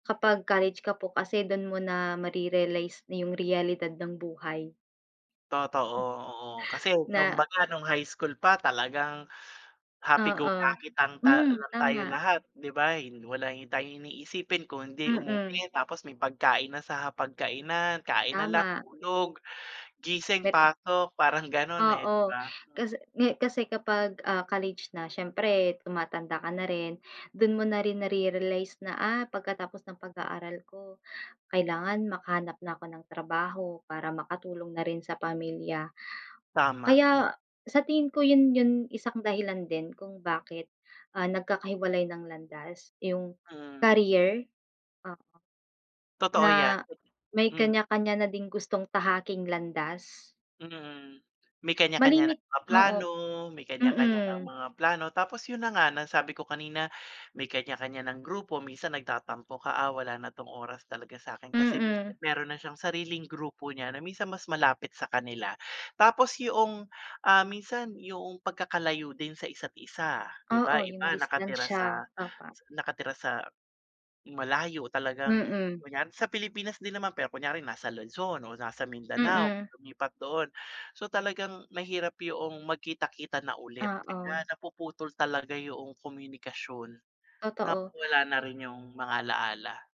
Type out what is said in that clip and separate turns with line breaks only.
Kapag college ka po kasi dun mo na mare-realize na yung realidad ng buhay.
Totoo, oo, kasi
Na
kumbaga nung high school pa talagang happy go
Oo,
lucky lang ta
hmm
lang tayo
tama.
lahat, 'di ba. Hin wala hi tayong iniisipin kung hindi
Mm.
umuwi tapos may pagkain na sa hapagkainan, kain na lang
Tama.
tulog, gising,
Peri
pasok parang ganun eh, 'di
Oo,
ba. M
kasi ngi kasi kapag, ah, college na siyempre tumatanda ka na rin, dun mo na rin nare-realize na ah, pagkatapos ng pag-aaral ko kailangan makahanap na ako ng trabaho para makatulong na rin sa pamilya.
Tama, m
Kaya sa tingin ko yun yung isang dahilan din kung bakit, ah, nagkakahiwalay ng landas yung
Mm.
career. O
Totoo yan,
Na, may
mm.
kanya-kanya na ding gustong tahaking landas.
Mm, may kanya-kanya
Malimit
ng mga
oo,
plano, may kanya-kanya ng
mm.
mga plano tapos yun na nga nasabi ko kanina, may kanya-kanya ng grupo. Minsan nagtatampo ka, ah, wala na 'tong oras talaga sa'kin. Kasi
Mm.
meron na siyang sariling grupo niya na minsan mas malapit sa kanila. Tapos yoong, ah, minsan yung pagkakalayo din sa isa't isa 'di ba.
Oo,
Yung
yung
iba nakatira
distansya,
sa
opo.
nakatira sa malayo, talagang
Mm.
kunwari sa Pilipinas din naman pero kunyari nasa Luzon o nasa Mindanao,
Mm.
lumipat doon. So talagang mahirap yoong magkita-kita na ulit kaya
Oo.
napuputol talaga yoong komunikasyon,
Totoo.
nawawala na rin yung mga alaala.